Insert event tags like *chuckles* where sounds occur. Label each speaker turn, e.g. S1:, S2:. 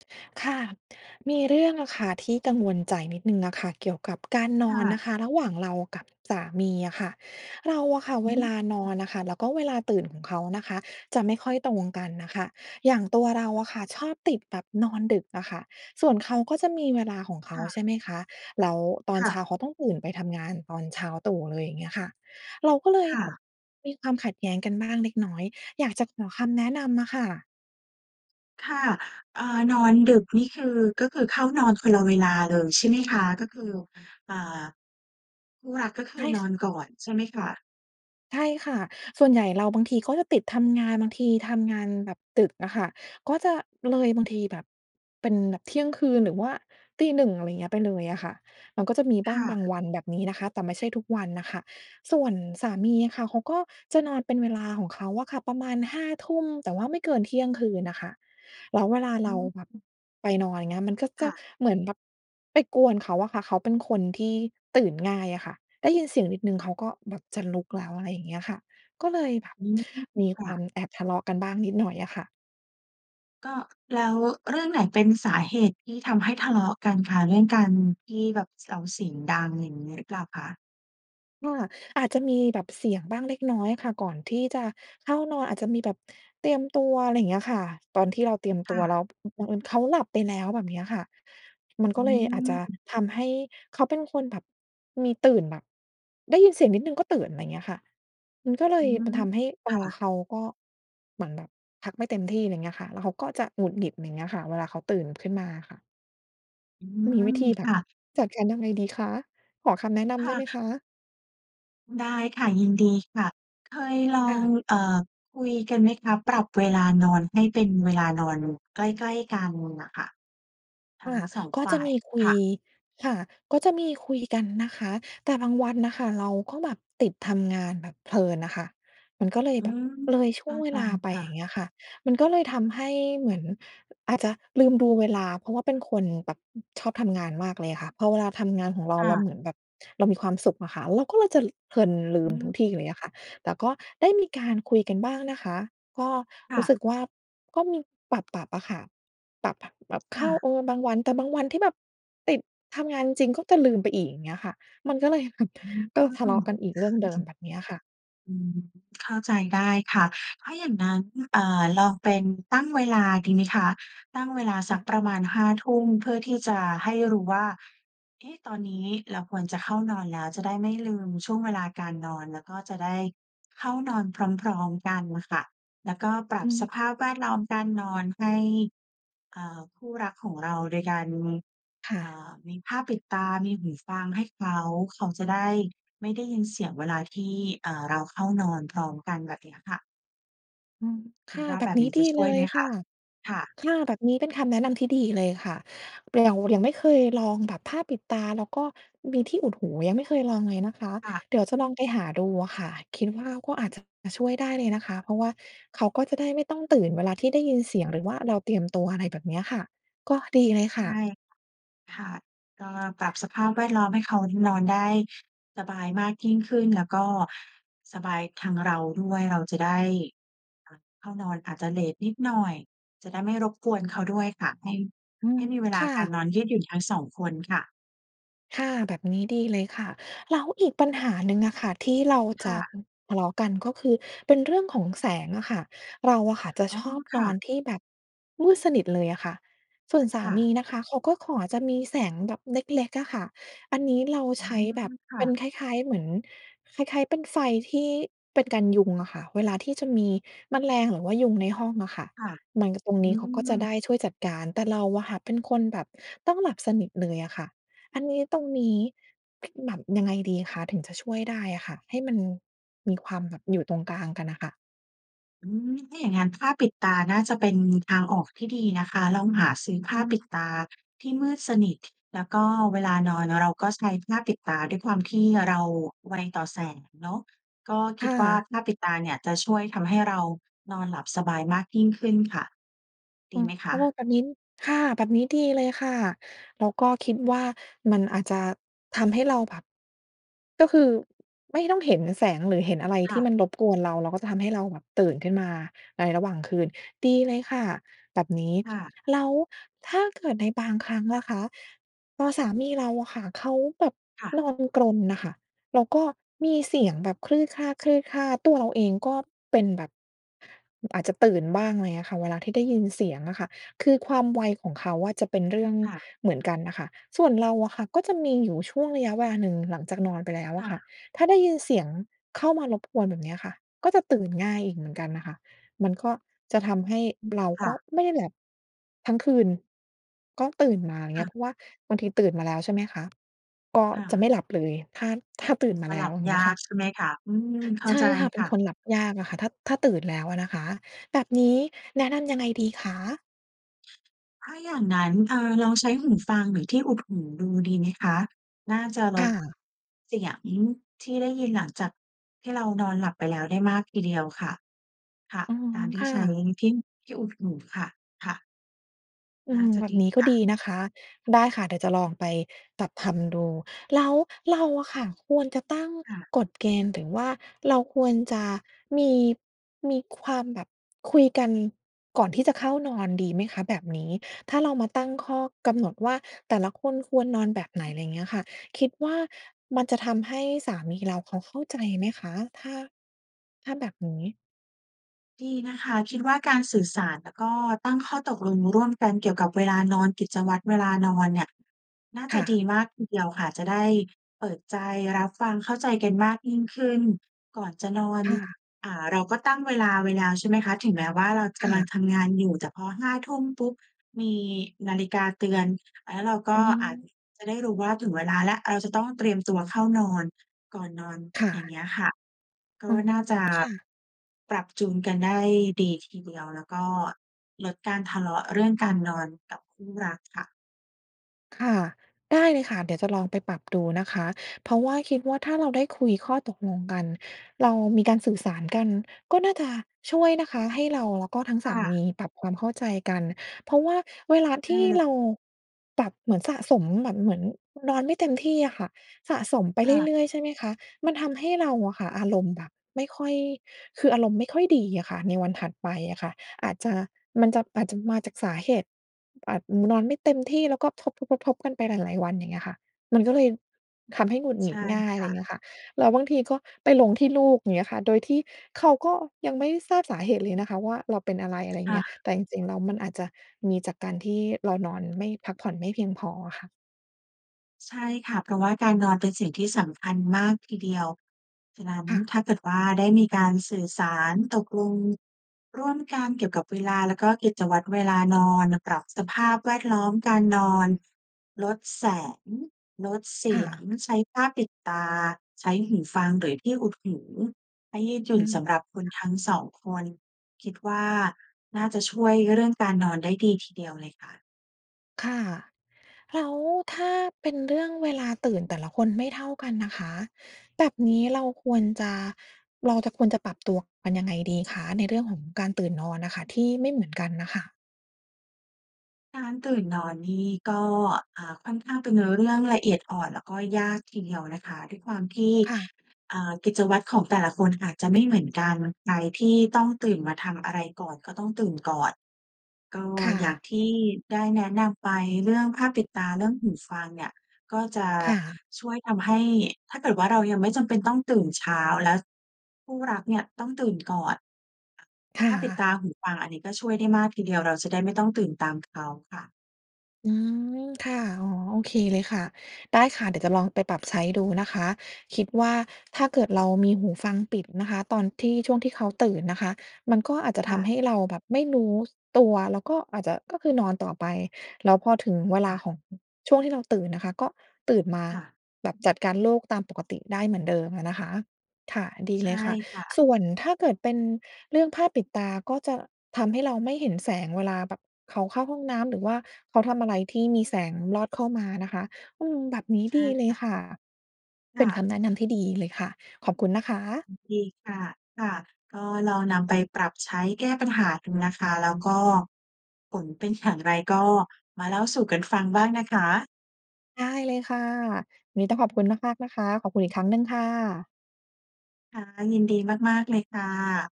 S1: *inhales* ค่ะ มีเรื่องอะค่ะที่กังวลใจนิดหนึ่งอะค่ะเกี่ยวกับการน
S2: ค
S1: อ
S2: ่
S1: นน
S2: ะ
S1: ะคะระหว่างเรากับสามีอะค่ะ เราอะค่ะ
S2: อ
S1: เว
S2: ื
S1: ลานอ
S2: ม
S1: นอะค่ะ แล้วก็เวลาตื่นของเขานะคะจะไม่ค่อยตรงกันน่ะค่ะ อย่างตัวเราอะค่ะชอบติดแบบนอนดึกอะค่ะ ส่วนเขาก็จะมีเวลาของเข
S2: ค
S1: า
S2: ่
S1: ใช
S2: ะ
S1: ่ไหมคะ แล้วตอ
S2: ค
S1: น
S2: ่
S1: เช้
S2: ะ
S1: าเขาต้องตื่นไปทำงานตอนเช้าตรู่เลย อย่างเงี้ยค่ะ เราก็เล
S2: ค
S1: ย
S2: ่
S1: แบบ
S2: ะ
S1: มีความขัดแย้งกันบ้างเล็กน้อย อยากจะขอคำแนะนำอะค่ะ
S2: ค่ะ เอ่อ นอนดึกนี่คือ ก็คือเข้านอนคนละเวลาเลย ใช่ไหมคะ? ก็คือ เอ่อ คู่รักก็ค
S1: ใช
S2: ือ
S1: ่
S2: น
S1: ค
S2: อนก่อน ใช่ไหมคะ?
S1: ใช่ค่ะ ส่วนใหญ่เราบางทีก็จะติดทำงาน บางทีทำงานแบบดึกอะค่ะ ก็จะเลย บางทีแบบ เป็นแบบเที่ยงคืนหรือว่าตี 1 อะไรเงี้ย ไปเลยอะค่ะ มันก็จะมีบ
S2: ค
S1: ้า
S2: ่
S1: งบาง
S2: ะ
S1: วันแบบนี้นะคะ แต่ไม่ใช่ทุกวันน่ะค่ะ ส่วนสามีค่ะเขาก็จะนอนเป็นเวลาของเขาอะค่ะ ประมาณ 5 ทุ่ม แต่ว่าไม่เกินเที่ยงคืนน่ะค่ะ แล้วเวลา
S2: อ
S1: เรา
S2: ื
S1: แบบ
S2: ม
S1: ไปนอน อย่างเงี้ย มันก็
S2: ค
S1: จะ
S2: ่ะ
S1: เหมือนแบบไปกวนเขาอะค่ะ เขาเป็นคนที่ตื่น ง่ายอะค่ะ ได้ยินเสียงนิดหนึ่งเขาก็แบบจะลุกแล้ว อะไรอย่างเงี้ยค่ะ ก็เลยแบบ
S2: อืม
S1: มี
S2: ค
S1: ค
S2: ่
S1: วา
S2: ะ
S1: มแอบทะเลาะกันบ้างนิดหน่อยอะค่ะ
S2: ก็ แล้วเรื่องไหนเป็นสาเหตุที่ทำให้ทะเลาะกันคะ? เรื่องการที่แบบ ส เราเสียงดัง อย่างงี้หรือเปล่าคะ?
S1: ค่ะ อาจจะมีแบบเสียงบ้างเล็กน้อยค่ะก่อนที่จะเข้านอน อาจจะมีแบบเตรียมตัว ไรเงี้ยค่ะ ตอนที่เราเตรียม
S2: ค
S1: ตั
S2: ่
S1: วแล้
S2: ะ
S1: ว อ บังเอิญเขาหลับไปแล้ว แบบเนี้ยค่ะ มัน
S2: อื
S1: ก็เลยอาจจะ
S2: ม
S1: ทำให้ เขาเป็นคนแบบมีตื่น แบบได้ยินเสียงนิดหนึ่งก็ตื่น ไรเงี้ยค่ะ มันก็เล
S2: อื
S1: ย
S2: ม
S1: มันทำให้ตั
S2: ค่
S1: ว
S2: ะ
S1: เขาก็ เหมือนแบบพักไม่เต็มที่ ไรเงี้ยค่ะ แล้วเขาก็จะหงุดหงิด ไรเงี้ยค่ะ เวลาเขาตื่นขึ้นมาอะค่ะ
S2: อื
S1: มีวิ
S2: ม
S1: ธีแบ
S2: ค
S1: บ
S2: ่ะ
S1: จัดการยังไงดีคะ? ขอคำแน
S2: อื
S1: ะ
S2: ม
S1: น
S2: ค
S1: ำได
S2: ่
S1: ้ไหม
S2: ะ
S1: คะ?
S2: ได้ค่ะ ยินดีค่ะ เคยลอ
S1: ค่
S2: ง
S1: ะ
S2: เอ่อ คุยกันไหมคะ? ปรับเวลานอนให้เป็นเวลานอนใกล้ ๆ กันน่ะค่ะ ทั
S1: ค
S2: ้ง
S1: ่ะ
S2: 2
S1: ก็
S2: ฝ
S1: จ
S2: ่
S1: ะ
S2: า
S1: ม
S2: ย
S1: ีคุ
S2: ค
S1: ย
S2: ่ะ
S1: ค่ะ ก็จะมีคุยกันนะคะ แต่บางวันน่ะค่ะเราก็แบบติดทำงานแบบเพลินน่ะค่ะ มันก็เลย
S2: อื
S1: แบบ
S2: ม
S1: เลยช
S2: เข
S1: ่ว
S2: ้
S1: ง
S2: า
S1: เว
S2: ใจ
S1: ลาไป
S2: ค่
S1: อย
S2: ะ
S1: ่างเงี้ยค่ะ มันก็เลยทำให้เหมือนอาจจะลืมดูเวลา เพราะว่าเป็นคนแบบ อ ชอบทำงานมากเลยค่ะ พอเวลาทำงานของเรา
S2: ค่
S1: เรา
S2: ะ
S1: เหมือนแบบเรามีความสุขอะค่ะ เราก็เลยจะ ล เพลิน ลื
S2: อ
S1: มทุ
S2: ืม
S1: กทีเลยอะค่ะ แต่ก็ได้มีการคุยกันบ้างนะคะ ก็
S2: ค
S1: ร
S2: ่
S1: ู้
S2: ะ
S1: สึกว่า ก็มีปรับ ๆ อะค่ะ ปรับ บ ปรับ
S2: ค
S1: เข
S2: ่
S1: ้า
S2: ะ
S1: เออ บางวัน แต่บางวันที่แบบติดทำงานจริง ๆ ก็จะลืมไปอีก อย่างเงี้ยค่ะ มันก็เลย *chuckles*
S2: อืม
S1: เ
S2: เ
S1: ร
S2: ข
S1: ิ
S2: ้
S1: ่
S2: า
S1: มท
S2: ใ
S1: ะเลาะกันอีกเรื่องเดิ
S2: จ
S1: ม แบบเนี้ยค่ะ
S2: อืม เข้าใจได้ค่ะ ถ้าอย่างนั้น เอ่อ ลองเป็นตั้งเวลาดีไหมคะ? ตั้งเวลาส
S1: ค
S2: ั
S1: ่
S2: ก
S1: ะ
S2: ประมาณ 5 ทุ่ม เพื่อที่จะให้รู้ว่า เอ๊ะ ตอนนี้เราควรจะเข้านอนแล้ว จะได้ไม่ลืมช่วงเวลาการนอน แล้วก็จะได้เข้านอนพร้อม ๆ กันน่ะค่ะ แล้วก็ปรั
S1: อ
S2: บ
S1: ื
S2: ส
S1: ม
S2: ภาพแวดล้อมการนอนให้ อ่า คู่รักของเรา โดยการ
S1: ค่
S2: เอ่
S1: ะ
S2: อ มีผ้าปิดตา มีหูฟังให้เขา เขาจะได้ไม่ได้ยินเสียงเวลาที่ เอ่อ เราเข้านอนพร้อมกัน แบบเนี้ยค่ะ
S1: อืม
S2: ค
S1: ค
S2: ิด
S1: ่ะ
S2: ว่า
S1: แบ
S2: แบ
S1: บ
S2: บ
S1: นี
S2: น
S1: ้
S2: ี้จ
S1: ดี
S2: ะช
S1: เ
S2: ่
S1: ล
S2: วยไ
S1: ย
S2: หม
S1: ค
S2: ค
S1: ่
S2: ะ?
S1: ะ
S2: ค่ะ
S1: ค่ะ แบบนี้เป็น คำแนะนำที่ดีเลยค่ะ ป เรา ยังไม่เคยลองแบบผ้าปิดตาแล้วก็มีที่อุดหู ยังไม่เคยลองเลยนะคะ
S2: ค่ะ
S1: เดี๋ยวจะลองไปหาดูอะค่ะ คิดว่า ก็อาจจะมาช่วยได้เลยนะคะ เพราะว่าเขาก็จะได้ไม่ต้องตื่นเวลาที่ ได้ยินเสียง หรือว่าเราเตรียม ตัวอะไรแบบเนี้ยค่ะ ก็ดีเลย
S2: ใช
S1: ค่
S2: ่
S1: ะ
S2: ค่ะ ก็ปรับสภาพแวด ล้อมให้เขายิ่ นอนได้สบายมากยิ่งขึ้น แล้วก็สบายทางเราด้วย เราจะได้ เอ่อ เข้านอนอาจจะเลตนิดหน่อย จะได้ไม่รบกวน เขาด้วยค่ะ ให้
S1: อื
S2: ให
S1: ม
S2: ้มีเว
S1: ค
S2: ลา
S1: ่
S2: การ
S1: ะ
S2: นอนยืดหยุ่น ทั้ง 2 คนค่ะ
S1: ค่ะ แบบนี้ดีเลยค่ะ แล้วอีกปัญหาหนึ่งอะค่ะ ที่เรา
S2: ค
S1: จ
S2: ่
S1: ะ
S2: ะ
S1: อือ ทะเลาะกัน ก็คือเป็นเรื่องของแสงอะค่ะ เราอะค่ะจะ
S2: อ๋อ
S1: ชอบ
S2: ค
S1: น
S2: ่
S1: อ
S2: ะ
S1: นที่แบบมืดสนิทเลยอะค่ะ ส่วนส
S2: ค
S1: า
S2: ่
S1: มี
S2: ะ
S1: นะคะ เขาก็ขอจะมีแสงแบบเล็ก ๆ อะค่ะ อันนี้เรา
S2: อ๋อ
S1: ใช้แบบ
S2: ค่
S1: เป็
S2: ะ
S1: นคล้าย ๆ เหมือน คล้าย ๆ เป็นไฟที่ เป็นกันยุงอะค่ะ เวลาที่จะมีแมลง หรือว่ายุงในห้องอะค่ะ
S2: ค่ะ
S1: มัน ก ตรง
S2: อื
S1: นี้เขาก็จะ
S2: ม
S1: ได้ช่วยจัดการ แต่เราอะค่ะเป็นคนแบบต้องหลับสนิทเลยอะค่ะ อันนี้ ตรงนี้ คือแบบยังไงดีคะถึงจะช่วยได้อะค่ะ? ให้มัน มีความแบบอยู่ตรงกลางกันน่ะค่ะ
S2: อืม ถ้าอย่างงั้น ผ้าปิดตาน่าจะเป็นทางออกที่ดีนะคะ ลองหาซื้อผ
S1: อื
S2: ้าปิ
S1: ม
S2: ดตาที่มืดสนิท แล้วก็เวลานอนเราก็ใช้ผ้าปิดตา ด้วยความที่เราไวต่อแสงเนาะ ก็ค
S1: ค
S2: ิด
S1: ่
S2: ว่า
S1: ะ
S2: ผ้าปิดตาเนี่ยจะช่วยทำให้เรานอนหลับสบายมากยิ่งขึ้นค่ะ ด
S1: ค
S2: ี
S1: ่ะ
S2: ไหมค
S1: เพราะว่า
S2: ะ?
S1: แบบนิ้น ค่ะ แบบนี้ดีเลยค่ะ แล้วก็คิดว่า มันอาจจะทำ ให้เราแบบ ก็คือไม่ต้องเห็นแสงหรือเห็นอะไร
S2: ค
S1: ท
S2: ่
S1: ี่
S2: ะ
S1: มันรบกวนเรา แล้วก็จะทำให้เราแบบตื่นขึ้นมาในระหว่างคืน ดีเลยค่ะ แบบนี้
S2: ค่ะ
S1: แล้วถ้าเกิดในบางครั้งล่ะคะ ตอนสามีเรา อะค่ะเขาแบบ
S2: ค่ะ
S1: นอนกรนน่ะค่ะ แล้วก็มีเสียงแบบ ตัวเราเองก็เป็นแบบ อาจจะตื่นบ้าง ไรเงี้ยค่ะ เวลาที่ได้ยินเสียงอะค่ะ คือความไวของเขาอะจะเป็นเรื่อง
S2: ค่ะ
S1: เหมือนกันน่ะค่ะ ส่วนเราอะค่ะก็จะมีอยู่ช่วงระยะเวลาหนึ่งหลังจากนอนไปแล้ว
S2: ค
S1: อ
S2: ่
S1: ะค่ะ
S2: ะ
S1: ถ้าได้ยินเสียงเข้ามารบกวน แบบเนี้ยค่ะ ก็จะตื่นง่ายอีกเหมือนกันน่ะค่ะ มันก็จะทำให้
S2: อือ
S1: เรา
S2: ค
S1: ก
S2: ่
S1: ็
S2: ะ
S1: ไม่ได้หลับ ทั้งคืน ก็ตื่นมา อย่า
S2: ค
S1: งเง
S2: ่
S1: ี้
S2: ะ
S1: ย เพราะว่าบางทีตื่นมาแล้วใช่ไหมคะ ก็
S2: ค่
S1: จะไม่
S2: ะ
S1: หลับเลย ถ้า ถ้าตื่นม
S2: จ
S1: า
S2: ะ
S1: แล
S2: หล
S1: ้
S2: ั
S1: ว
S2: บ
S1: อย่างเ
S2: ย
S1: งี้ย
S2: า
S1: ค่
S2: ก
S1: ะ
S2: ใช่ไหมคะ? อืม เข้
S1: ใ
S2: า
S1: ช่
S2: ใจ
S1: ค่ะ เป
S2: ค
S1: ็น
S2: ่ะ
S1: คนหลับยากอะค่ะ ถ้า ถ้าตื่นแล้วอะนะคะ แบบนี้แนะนำยังไงดีคะ?
S2: ถ้าอย่างงั้น เอ่อ ลองใช้หูฟังหรือที่อุดหูดู ดีไหมคะ? น่าจะล
S1: ค่
S2: ด
S1: ะ
S2: เสียงที่ได้ยินหลังจากที่เรานอนหลับไปแล้วได้มากทีเดียวค่ะ ค่ะ
S1: อือฮ
S2: กา
S1: ึ
S2: รที
S1: ค
S2: ่
S1: ่
S2: ใช้
S1: ะ
S2: ที่ ที่อุดหูค่ะ ค่ะ
S1: อื
S2: น่า
S1: ม
S2: จะ
S1: แบ
S2: ด
S1: บ
S2: ี
S1: นี้ก็
S2: ค่
S1: ดี
S2: ะ
S1: นะคะ ได้ค่ะ เดี๋ยวจะลองไปตัด ทำ ดู แล้วเราอะค่ะควรจะตั้ง
S2: ค่ะ
S1: กฎเกณฑ์ หรือว่าเราควรจะมี มีความแบบคุยกันก่อนที่จะเข้านอน ดีไหมคะ แบบนี้? ถ้าเรามาตั้งข้อกำหนดว่า แต่ละคนควรนอนแบบไหน
S2: อืม
S1: ไรเงี้ยค่ะ คิดว่า มันจะทำให้สามีเราเขาเข้าใจไหมคะ? ถ้า ถ้าแบบนี้
S2: ดีนะคะ คิดว่า การสื่อสารแล้วก็ตั้งข้อตกลงร่วมกันเกี่ยวกับเวลานอน กิจวัตรเวลานอนเนี่ย น่า
S1: ค
S2: จะ
S1: ่
S2: ดี
S1: ะ
S2: มากทีเดียวค่ะ จะได้เปิดใจรับฟัง เข้าใจกันมากยิ่งขึ้น ก่อนจะนอน
S1: ค่ะ
S2: อ่า เราก็ตั้งเวลาไว้แล้วใช่ไหมคะ ถึงแม้ว่า เราจะ
S1: ค
S2: กำลั
S1: ่
S2: ง
S1: ะ
S2: ทำงานอยู่ แต่พอ 5 ทุ่มปุ๊บ มีนาฬิกาเตือน แล้วเราก
S1: อื
S2: ็อาจ
S1: ม
S2: จะได้รู้ว่า ถึงเวลาแล้ว เราจะต้องเตรียมตัวเข้านอน ก่อนนอน
S1: ค่
S2: อย่าง
S1: ะ
S2: เงี้ยค่ะ ก
S1: อ
S2: ็
S1: ๋อ
S2: น่าจะ
S1: ค่ะ
S2: ปรับจูนกันได้ดีทีเดียว แล้วก็ลดการทะเลาะเรื่องการนอนกับคู่รักค่ะ
S1: ค่ะ ได้เลยค่ะ เดี๋ยวจะลองไปปรับดูนะคะ เพราะว่าคิดว่า ถ้าเราได้คุยข้อตกลงกัน เรามีการสื่อสารกัน ก็น่าจะช่วยนะคะให้เราแล้วก็ทั้ง
S2: ค
S1: ส
S2: ่
S1: าม
S2: ะ
S1: ีปรับความเข้าใจกัน เพราะว่าเวลา
S2: เ
S1: ที่
S2: ออ
S1: เราปรับ เหมือนสะสมแบบเหมือนนอนไม่เต็มที่อะค่ะ สะสมไป
S2: ค่ะ
S1: เรื่อย ๆ ใช่ไหมคะ มันทำให้เราอะค่ะอารมณ์แบบไม่ค่อย คืออารมณ์ไม่ค่อยดีอะค่ะในวันถัดไปอะค่ะ อาจจะ มันจะ อาจจะมาจากสาเหตุ อาจ นอนไม่เต็มที่แล้วก็ทบ ๆ ๆ ๆ กันไปหลาย ๆ วัน อย่างเงี้ยค่ะ มันก็เลยทำให้หงุดห
S2: ใ
S1: ง
S2: ช
S1: ิ
S2: ่
S1: ดง่าย
S2: ค
S1: ไร
S2: ่
S1: เ
S2: ะ
S1: งี้ยค่ะ แล้วบางทีก็ไปลงที่ลูก อย่างเงี้ยค่ะ โดยที่เขาก็ยังไม่ทราบสาเหตุเลยนะคะว่า เราเป็นอะไร อะไร
S2: ค
S1: เ
S2: ่
S1: งี้ย
S2: ะ
S1: แต่จริง ๆ แล้วมันอาจจะมีจากการที่เรานอนไม่ พักผ่อนไม่เพียงพออะค่ะ
S2: ใช่ค่ะ เพราะว่าการนอนเป็นสิ่งที่สำคัญมากทีเดียว ฉะนั้น
S1: ค่ะ
S2: ถ้าเกิดว่า ได้มีการสื่อสาร ตกลงร่วมกันเกี่ยวกับเวลาแล้วก็กิจวัตรเวลานอน ปรับสภาพแวดล้อมการนอน ลดแสง ลดเส
S1: ค
S2: ี
S1: ่
S2: ยง
S1: ะ
S2: ใช้ผ้าปิดตา ใช้หูฟังหรือที่อุดหู ให้ยืดหยุ
S1: อื
S2: ่น
S1: ม
S2: สำหรับคน
S1: ค่ะ
S2: ทั้งสองคน คิดว่า น่าจะช่วยเรื่องการนอนได้ดีทีเดียวเลยค่ะ
S1: ค่ะ แล้วถ้าเป็นเรื่องเวลาตื่นแต่ละคนไม่เท่ากันน่ะคะ แบบนี้เราควรจะ เราจะ ควรจะปรับตัวกันยังไงดีคะ? ในเรื่องของการตื่นนอนน่ะค่ะที่ไม่เหมือนกันน่ะค่ะ
S2: การตื่นนอนนี่ก็ อ่า ค่อนข้างเป็น น เรื่องละเอียดอ่อนแล้วก็ยากทีเดียวนะคะ ด้วยความที่
S1: ค่ะ
S2: อ่า กิจวัตรของแต่ละคนอาจจะไม่เหมือนกัน ใครที่ต้องตื่นมาทำอะไรก่อนก็ต้องตื่นก่อน ก็
S1: ค่
S2: อย่าง
S1: ะ
S2: ที่ได้แนะนำไปเรื่องผ้าปิดตา เรื่องหูฟังเนี่ย ก็จะ
S1: ค่ะ
S2: ช่วยทำให้ ถ้าเกิดว่า เรายังไม่จำเป็นต้องตื่นเช้า แล้วคู่รักเนี่ยต้องตื่นก่อน
S1: ค่
S2: ผ้าปิดตา
S1: ะ
S2: หูฟัง อันนี้ก็ช่วยได้มากทีเดียว เราจะได้ไม่ต้องตื่นตามเขาค่ะ
S1: อืม ค่ะ อ๋อ โอเคเลยค่ะ ได้ค่ะ เดี๋ยวจะลองไปปรับใช้ดูนะคะ คิดว่า ถ้าเกิดเรามีหูฟังปิดนะคะตอนที่ ช่วงที่เขาตื่นนะคะ มันก็อาจจะ
S2: ค
S1: ท
S2: ่ะ
S1: ำให้เราแบบไม่รู้ ส ตัว แล้วก็อาจจะ ก็คือนอนต่อไป แล้วพอถึงเว
S2: ค
S1: ล
S2: ่
S1: า
S2: ะ
S1: ของ ช่วงที่เราตื่นน่ะค่ะ ก็ตื่นมา
S2: ค่ะ
S1: แบบจัดการโลกตามปกติได้เหมือนเดิมอะนะคะ ค่ะ ดี
S2: ใช
S1: เล
S2: ่
S1: ยค่ะ
S2: ค่ะ
S1: ส่วนถ้าเกิดเป็นเรื่องผ้าปิดตาก็จะทำให้เราไม่เห็นแสงเวลาแบบเขาเข้าห้องน้ำ หรือว่าเขาทำอะไรที่มีแสงลอดเข้ามานะคะ อืม แบบนี้
S2: ใช
S1: ด
S2: ่
S1: ีเล
S2: ค
S1: ย
S2: ่ะ
S1: ค่ะ
S2: ค
S1: เป
S2: ่
S1: ็นค
S2: ะ
S1: ำแนะนำที่ดีเลยค่ะ ขอบคุณนะคะ
S2: ยินดีค่ะ ค่ะ ก็ลองนำไปปรับใช้แก้ปัญหาดูนะคะ แล้วก็ ผลเป็นอย่างไรก็มาเล่าสู่กันฟังบ้างนะคะ
S1: ได้เลยค่ะ นี้ต้องขอบคุณมาก ๆ นะคะ ขอบคุณอีกครั้งหนึ่งค่ะ
S2: ค่ะ ยินดีมาก ๆ เลยค่ะ